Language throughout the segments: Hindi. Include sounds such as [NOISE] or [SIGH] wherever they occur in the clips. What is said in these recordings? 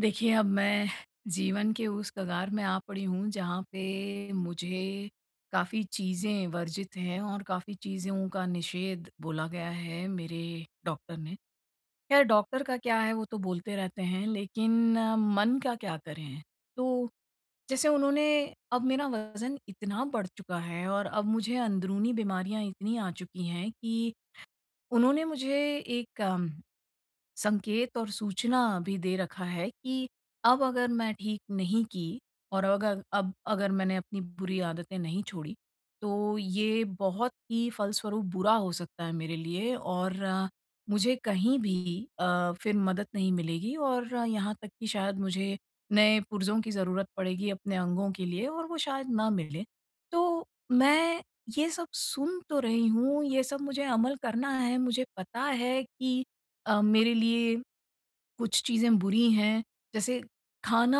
देखिए, अब मैं जीवन के उस कगार में आ पड़ी हूँ, जहाँ पे मुझे काफ़ी चीज़ें वर्जित हैं और काफ़ी चीज़ों का निषेध बोला गया है, मेरे डॉक्टर ने। ख़ैर, डॉक्टर का क्या है, वो तो बोलते रहते हैं। लेकिन मन का क्या करें? तो जैसे उन्होंने अब मेरा वज़न इतना बढ़ चुका है और अब मुझे अंदरूनी बीमारियाँ इतनी आ चुकी हैं कि उन्होंने मुझे एक संकेत और सूचना भी दे रखा है कि अब अगर मैं ठीक नहीं की, और अगर अब अगर मैंने अपनी बुरी आदतें नहीं छोड़ी, तो ये बहुत ही फलस्वरूप बुरा हो सकता है मेरे लिए और मुझे कहीं भी अ, फिर मदद नहीं मिलेगी, और यहाँ तक कि शायद मुझे नए पुर्ज़ों की ज़रूरत पड़ेगी अपने अंगों के लिए और वो शायद ना मिले। तो मैं ये सब सुन तो रही हूँ, ये सब मुझे अमल करना है। मुझे पता है कि अ, मेरे लिए कुछ चीज़ें बुरी हैं। जैसे खाना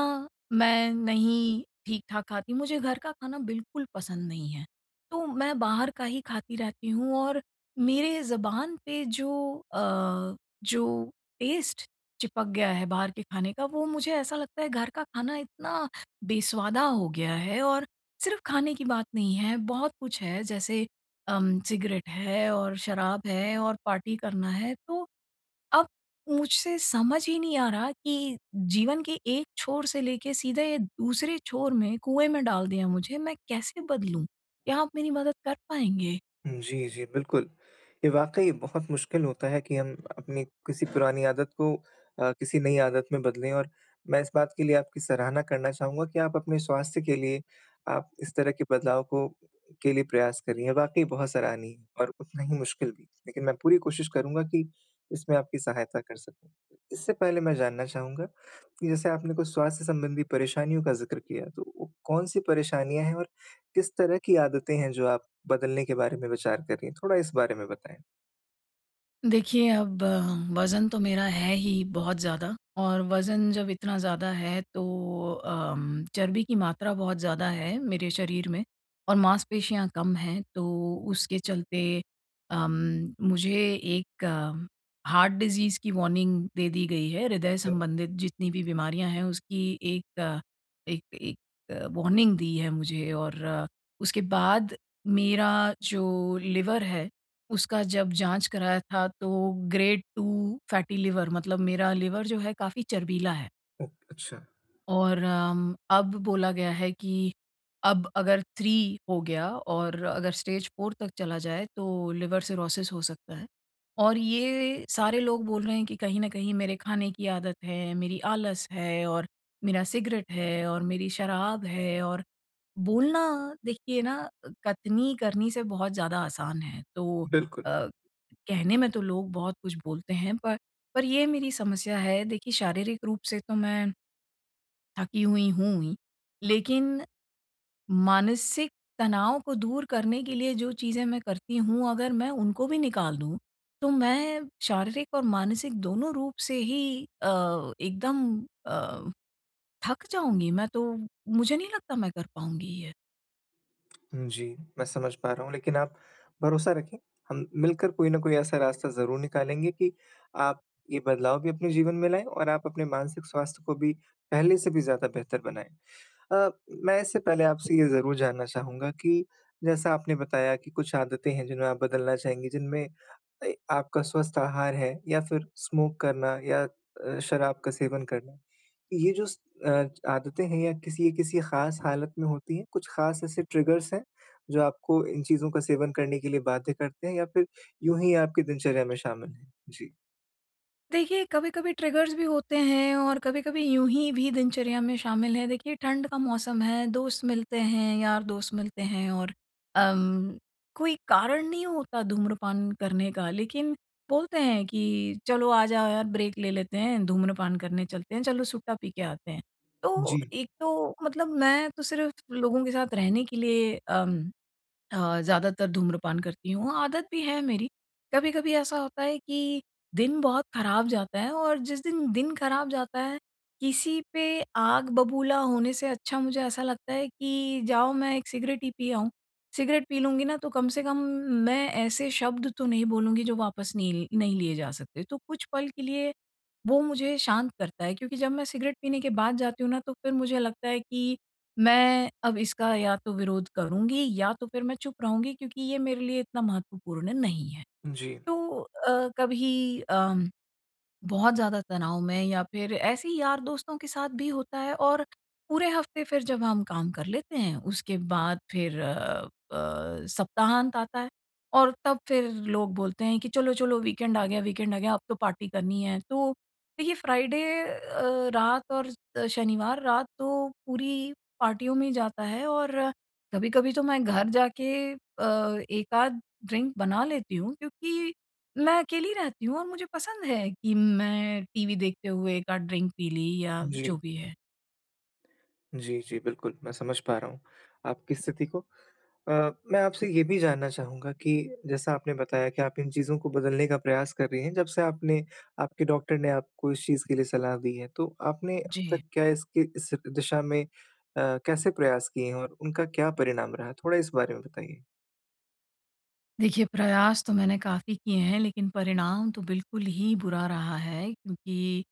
मैं नहीं ठीक-ठाक खाती, मुझे घर का खाना बिल्कुल पसंद नहीं है। तो मैं बाहर का ही खाती रहती हूँ और मेरे ज़ुबान पे जो अ, जो टेस्ट चिपक गया है बाहर के खाने का, वो मुझे ऐसा लगता है, घर का खाना इतना बेस्वादा हो गया है और सिर्फ़ खाने की बात नहीं है, बहुत कुछ है। जैसे अम, सिगरेट है और शराब है, और पार्टी करना है। तो अब मुझसे समझ ही नहीं आ रहा कि जीवन के एक छोर से लेके, सीधे ये दूसरे छोर में, कुएँ में डाल दिया मुझे। मैं कैसे बदलूँ? क्या आप मेरी मदद कर पाएँगे? जी, जी, बिल्कुल। ये वाक़ई बहुत मुश्किल होता है कि हम अपनी किसी पुरानी आदत को अ, किसी नई आदत में बदलें और मैं इस बात के लिए आपकी सराहना करना चाहूँगा कि आप अपने स्वास्थ्य के लिए, आप इस तरह के बदलाव को के लिए प्रयास कर रहीं हैं। वाक़ई बहुत सराहनीय और उतना ही मुश्किल भी, लेकिन मैं पूरी कोशिश करूँगा कि इसमें आपकी सहायता कर सकूँ। इससे पहले मैं जानना चाहूँगा कि जैसे आपने कुछ स्वास्थ्य संबंधी परेशानियों का ज़िक्र किया तो वो कौन-सी परेशानियाँ हैं और किस तरह की आदतें हैं जो आप बदलने के बारे में विचार कर रही हैं? थोड़ा इस बारे में बताएँ। देखिए, अब वज़न तो मेरा है ही बहुत ज़्यादा और वज़न जब इतना ज़्यादा है तो अम, चर्बी की मात्रा बहुत ज़्यादा है मेरे शरीर में, और मांसपेशियाँ कम हैं तो उसके चलते अम, मुझे एक हार्ट डिज़ीज़ की वॉर्निंग दे दी गई है। हृदय संबंधित जितनी भी बीमारियाँ हैं उसकी एक, एक एक वॉर्निंग दी है मुझे और उसके बाद मेरा जो लिवर है उसका जब जाँच कराया था तो ग्रेड 2 फैटी लिवर मतलब मेरा लिवर जो है काफ़ी चर्बीला है। ओक अच्छा। और अम, अब बोला गया है कि अब अगर 3 हो गया और अगर स्टेज 4 तक चला जाए तो लिवर सिरोसिस हो सकता है। और ये सारे लोग बोल रहे हैं कि कहीं न कहीं मेरे खाने की आदत है, मेरी आलस है और मेरा सिगरेट है और मेरी शराब है और बोलना देखिए ना अ, कथनी करनी से बहुत ज़्यादा आसान है। तो बिल्कुल। अ, कहने में तो लोग बहुत कुछ बोलते हैं पर, पर ये मेरी समस्या है। देखिए शारीरिक रूप से तो मैं थकी हुई हूँ ही। लेकिन, मानसिक तनाव को दूर करने के लिए जो चीज़ें मैं करती हूँ, अगर मैं उनको भी निकाल दूँ तो मैं शारीरिक और मानसिक दोनों रूप से ही अ, एकदम अ, थक जाऊँगी मैं तो मुझे नहीं लगता मैं कर पाऊँगी ये। जी, मैं समझ पा रहा हूँ लेकिन आप भरोसा रखें, हम मिलकर कोई ना कोई ऐसा रास्ता ज़रूर निकालेंगे कि आप ये बदलाव भी अपने जीवन में लाएँ और आप अपने मानसिक स्वास्थ्य को भी पहले से भी ज़्यादा बेहतर बनाएँ। अ, मैं इससे पहले आपसे ये ज़रूर जानना चाहूँगा कि जैसा आपने बताया कि कुछ आदतें हैं जिन्हें आप बदलना चाहेंगी, जिनमें ए, आपका स्वस्थ आहार है या फ़िर स्मोक करना या अ, शराब का सेवन करना। ये जो स अ, आदतें हैं या किसी अ, किसी ख़ास हालत में होती हैं? कुछ ख़ास ऐसे ट्रिगर्स हैं जो आपको इन चीज़ों का सेवन करने के लिए बाध्य करते हैं या फिर यूँ ही आपकी दिनचर्या में शामिल हैं? जी। देखिए कभी-कभी ट्रिगर्स भी होते हैं और कभी-कभी यूँही भी दिनचर्या में शामिल हैं। देखिए ठंड का मौसम है, दोस्त मिलते हैं, यार-दोस्त मिलते हैं और अम, कोई कारण नहीं होता धूम्रपान करने का लेकिन बोलते हैं कि चलो आ जाओ यार ब्रेक ले लेते हैं, धूम्रपान करने चलते हैं, चलो सुट्टा पी के आते हैं। तो जी। एक तो मतलब मैं तो सिर्फ़ लोगों के साथ रहने के लिए अम, अ, ज़्यादातर धूम्रपान करती हूँ। आदत भी है मेरी। कभी-कभी ऐसा होता है कि दिन बहुत खराब जाता है और जिस दिन, दिन खराब जाता है, किसी पे आग बबूला होने से अच्छा मुझे ऐसा लगता है कि जाओ मैं एक सिगरेट ही पी आऊँ। सिगरेट पी लूँगी ना, तो कम से कम मैं ऐसे शब्द तो नहीं बोलूँगी जो वापस नहीं ल नहीं लिए जा सकते। तो कुछ पल के लिए वो मुझे शांत करता है, क्योंकि जब मैं सिगरेट पीने के बाद जाती हूँ ना, तो फिर मुझे लगता है कि मैं अब इसका या तो विरोध करूँगी या तो फिर मैं चुप रहूँगी, क्योंकि ये मेरे लिए इतना महत्वपूर्ण नहीं है। जी। तो अ, कभी अम, बहुत ज़्यादा तनाव में या फिर ऐसे ही यार-दोस्तों के साथ भी होता है और पूरे हफ़्ते फिर जब हम काम कर लेते हैं। उसके बाद फिर अ अ, सप्ताहांत आता है। और तब फिर लोग बोलते हैं कि चलो चलो वीकेंड आ गया वीकेंड आ गया, अब तो पार्टी करनी है। तो देखिए फ्राइडे अ, रात और शनिवार रात तो पूरी पार्टियों में ही जाता है और कभी-कभी तो मैं घर जाके अ, 1 आध ड्रिंक बना लेती हूँ, क्योंकि मैं अकेली रहती हूँ और मुझे पसंद है कि मैं टीवी देखते हुए 1 आध ड्रिंक पी ली या जी। जो भी है। जी, जी, बिल्कुल। मैं समझ पा रहा हूँ आपकी स्थिति को। अ, मैं आपसे ये भी जानना चाहूँगा कि जैसा आपने बताया कि आप इन चीज़ों को बदलने का प्रयास कर रही हैं, जब से आपने आपके डॉक्टर ने आपको इस चीज़ के लिए सलाह दी है। तो आपने अब जी। तक क्या इसके इस दिशा में अ, कैसे प्रयास किए हैं और उनका क्या परिणाम रहा? थोड़ा इस बारे में बताइए। देखिए प्रयास तो मैंने काफ़ी किए हैं। लेकिन परिणाम तो बिल्कुल ही बुरा रहा है क्योंकि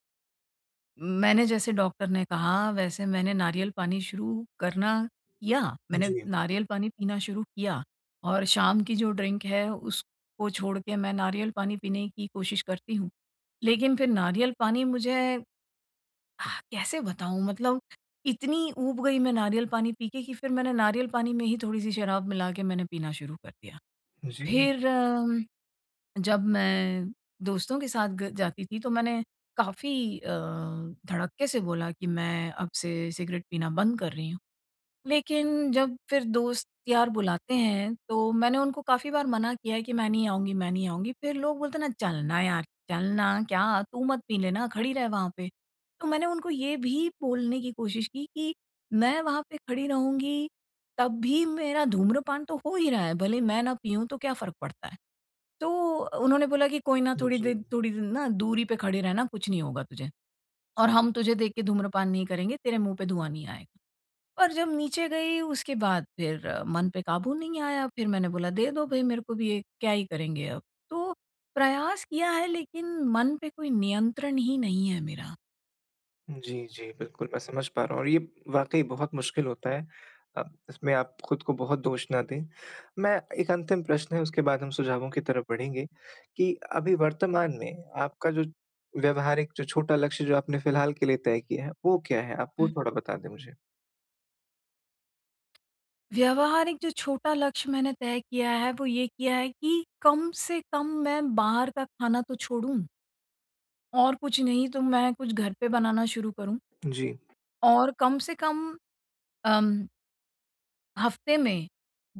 मैंने, जैसे डॉक्टर ने कहा, वैसे मैंने नारियल पानी शुरू करना किया। मैंने जी। नारियल पानी पीना शुरू किया और शाम की जो ड्रिंक है उसको छोड़ के मैं नारियल पानी पीने की कोशिश करती हूँ। लेकिन फिर नारियल पानी मुझे, [SIGHS] कैसे बताऊँ? मतलब इतनी ऊब गई मैं नारियल पानी पीके कि फिर मैंने नारियल पानी में ही थोड़ी-सी शराब मिला के मैंने पीना शुरू कर दिया। जी। फिर अम, जब मैं दोस्तों के साथ ग जाती थी तो मैंने काफ़ी अ, धड़क्के से बोला कि मैं अब से सिगरेट पीना बंद कर रही हूँ। लेकिन जब फिर दोस्त-यार बुलाते हैं तो मैंने उनको काफ़ी बार मना किया है कि "मैं नहीं आऊँगी, मैं नहीं आऊँगी।" फिर लोग बोलते हैं ना "चल ना यार! चल ना, क्या तू मत पी लेना खड़ी रह वहाँ पे।" तो मैंने उनको ये भी बोलने की कोशिश की कि मैं वहाँ पे खड़ी रहूँगी तब भी मेरा धूम्रपान तो हो ही रहा है, भले मैं ना पिऊँ तो क्या फ़र्क पड़ता है। तो उन्होंने बोला कि "कोई ना, थोड़ी दे जी। थोड़ी दिन ना दूरी पे खड़े रहना कुछ नहीं होगा तुझे। और हम तुझे देख के धूम्रपान नहीं करेंगे, तेरे मुँह पे धुआँ नहीं आएगा।" और जब नीचे गई उसके बाद फिर मन पे काबू नहीं आया। फिर मैंने बोला "दे दो भई मेरे को भी एक, क्या ही करेंगे अब।" तो प्रयास किया है लेकिन मन पे कोई नियंत्रण ही नहीं है मेरा। जी, जी बिल्कुल मैं समझ पा रहा हूँ और ये वाक़ई बहुत मुश्किल होता है, अब इसमें आप खुद को बहुत दोष ना दें। मैं एक अंतिम प्रश्न है उसके बाद हम सुझावों की तरफ बढ़ेंगे, कि अभी वर्तमान में आपका जो व्यवहारिक जो छोटा लक्ष्य जो आपने फिलहाल के लिए तय किया है वो क्या है? आप वो हुँ। थोड़ा बता दें मुझे। व्यवहारिक जो छोटा लक्ष्य मैंने तय किया है, वो ये किया है कि कम से कम मैं बाहर का खाना तो छोड़ूँ। और कुछ नहीं तो मैं कुछ घर पे बनाना शुरू करूँ। जी। और कम से कम, अम हफ्ते में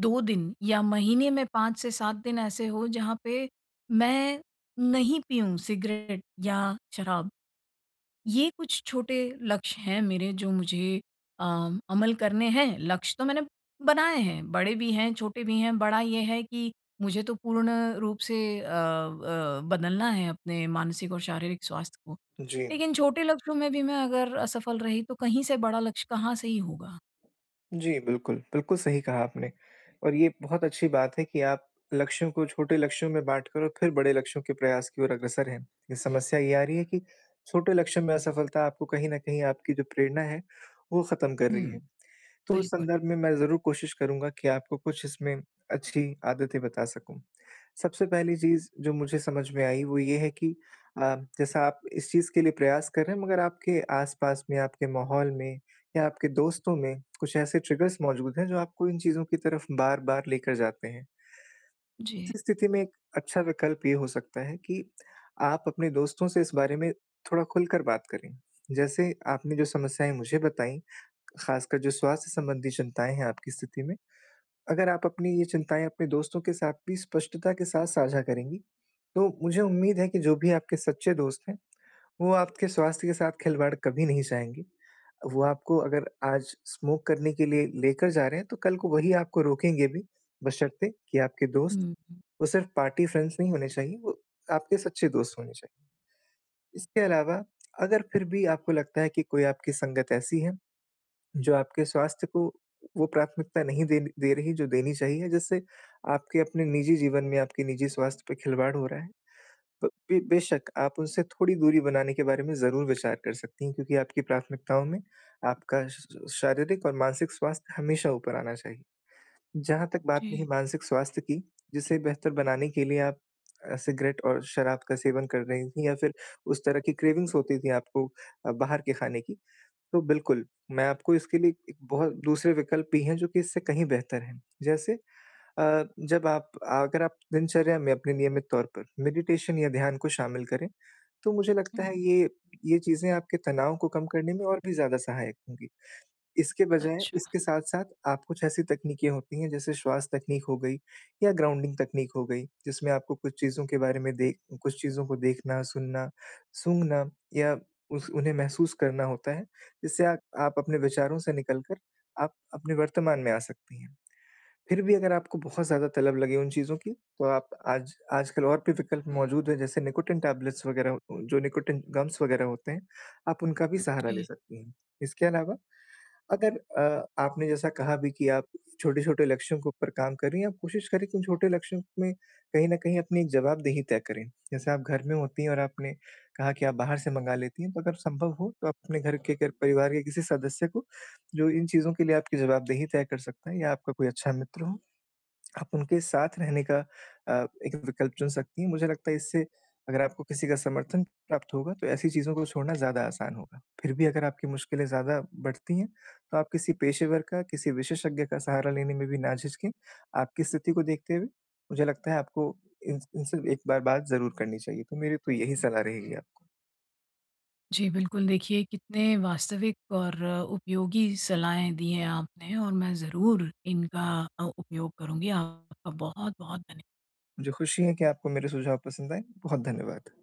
2 दिन या महीने में 5 से 7 दिन ऐसे हो, जहाँ पे मैं नहीं पियूँ सिगरेट या शराब। ये कुछ छोटे लक्ष्य हैं मेरे जो मुझे अ, अमल करने हैं, लक्ष्य तो मैंने बनाए हैं बड़े भी हैं, छोटे भी हैं। बड़ा ये है कि मुझे तो पूर्ण रूप से अ अ, बदलना है अपने मानसिक और शारीरिक स्वास्थ्य को। जी। लेकिन छोटे लक्ष्यों में भी मैं अगर असफल रही, तो कहीं से बड़ा लक्ष्य कहाँ से ही होगा। जी, बिल्कुल, बिल्कुल सही कहा आपने। और ये बहुत अच्छी बात है कि आप लक्ष्यों को छोटे लक्ष्यों में बाँट कर और फिर बड़े लक्ष्यों के प्रयास की ओर अग्रसर हैं। ये समस्या ये आ रही है कि छोटे लक्ष्यों में असफलता आपको कहीं न कहीं आपकी जो प्रेरणा है, वो खत्म कर रही है। हुँ, तो उस बिल्कुल। संदर्भ में मैं ज़रूर कोशिश करूँगा कि आपको कुछ इसमें अच्छी आदतें बता सकूँ। सबसे पहली चीज़ जो मुझे समझ में आई, वो ये है कि अ, जैसा आप इस चीज़ के लिए प्रयास कर रहे हैं मगर आपके आस-पास में, आपके माहौल में या आपके दोस्तों में कुछ ऐसे ट्रिगर्स मौजूद हैं, जो आपको इन चीज़ों की तरफ बार-बार लेकर जाते हैं। जी। इस स्थिति में एक अच्छा विकल्प ये हो सकता है कि, आप अपने दोस्तों से इस बारे में थोड़ा खुलकर बात करें। जैसे, आपने जो समस्याएँ मुझे बताईं, खासकर जो स्वास्थ्य संबंधी चिंताएँ हैं आपकी स्थिति में। अगर आप अपनी ये चिंताएँ अपने दोस्तों के साथ भी स्पष्टता के साथ साझा करेंगी, तो मुझे उम्मीद है कि जो भी आपके सच्चे दोस्त हैं, वो आपके स्वास्थ्य के साथ खिलवाड़ कभी नहीं चाहेंगी। वो आपको अगर आज स्मोक करने के लिए लेकर जा रहे हैं, तो कल को वही आपको रोकेंगे भी, बशर्ते कि आपके दोस्त, हुँ, हुँ। वो सिर्फ़ पार्टी फ्रेंड्स नहीं होने चाहिए, वो आपके सच्चे दोस्त होने चाहिए। इसके अलावा, अगर फिर भी आपको लगता है कि कोई आपकी संगत ऐसी है। जो आपके स्वास्थ्य को वो प्राथमिकता नहीं देन दे रही जो देनी चाहिए, जिससे आपके अपने निजी जीवन में, आपके निजी स्वास्थ्य पे खिलवाड़ हो रहा है। प बे बेशक आप उनसे थोड़ी दूरी बनाने के बारे में ज़रूर विचार कर सकती हैं, क्योंकि आपकी प्राथमिकताओं में आपका श शारीरिक और मानसिक स्वास्थ्य हमेशा ऊपर आना चाहिए। जहाँ तक बात रही जी। मानसिक स्वास्थ्य की, जिसे बेहतर बनाने के लिए आप अ, सिगरेट और शराब का सेवन कर रही थी या फिर उस तरह की क्रेविंग्स होती थी आपको अ, बाहर के खाने की। तो बिल्कुल, मैं आपको इसके लिए एक बहुत दूसरे विकल्प भी हैं जो कि इससे कहीं बेहतर हैं। जैसे अ, जब आप अगर आप दिनचर्या में अपने नियमित तौर पर मेडिटेशन या ध्यान को शामिल करें, तो मुझे लगता हुँ। है ये, ये चीज़ें आपके तनाव को कम करने में और भी ज़्यादा सहायक होंगी। इसके बजाय अच्छा। इसके साथ-साथ आप कुछ ऐसी तकनीकें होती हैं, जैसे श्वास तकनीक हो गई या ग्राउंडिंग तकनीक हो गई, जिसमें आपको कुछ चीज़ों के बारे में देख कुछ चीज़ों को देखना, सुनना, सूँघना या उस उन्हें महसूस करना होता है, जिससे आ आप अपने विचारों से निकल कर, आप अपने वर्तमान में आ सकती हैं। फिर भी अगर आपको बहुत ज़्यादा तलब लगे उन चीज़ों की, तो आप आज आजकल और भी विकल्प मौजूद हैं जैसे निकोटिन टैबलेट्स वगैरह उ जो निकोटिन गम्स वगैरह होते हैं, आप उनका भी सहारा ले जी। सकती हैं। इसके अलावा अगर अ, आपने जैसा कहा भी कि आप छोटे-छोटे लक्ष्यों के ऊपर काम कर रही हैं, आप कोशिश करें कि उन छोटे लक्ष्यों में कहीं न कहीं अपनी जवाबदेही तय करें। जैसे आप घर में होती हैं और आपने कहा कि आप बाहर से मँगा लेती हैं, तो अगर संभव हो तो आप अपने घर के घर-परिवार के किसी सदस्य को जो इन चीज़ों के लिए आपकी जवाबदेही तय कर सकता है या आपका कोई अच्छा मित्र हो। आप उनके साथ रहने का अ, एक विकल्प चुन सकती हैं, मुझे लगता है इससे अगर आपको किसी का समर्थन प्राप्त होगा, तो ऐसी चीज़ों को छोड़ना ज़्यादा आसान होगा। फिर भी अगर आपकी मुश्किलें ज़्यादा बढ़ती हैं, तो आप किसी पेशेवर का, किसी विशेषज्ञ का सहारा लेने में भी ना झिझकें। आपकी स्थिति को देखते हुए मुझे लगता है आपको इनस इनसे एक बार बात ज़रूर करनी चाहिए, तो मेरी तो यही सलाह रहेगी आपको। जी, बिल्कुल देखिए कितने वास्तविक और अ, उपयोगी सलाहें दी हैं आपने और मैं ज़रूर इनका अ, उपयोग करुँगी। आपका बहुत-बहुत धन्य मुझे खुशी है कि आपको मेरे सुझाव पसंद आए, बहुत धन्यवाद।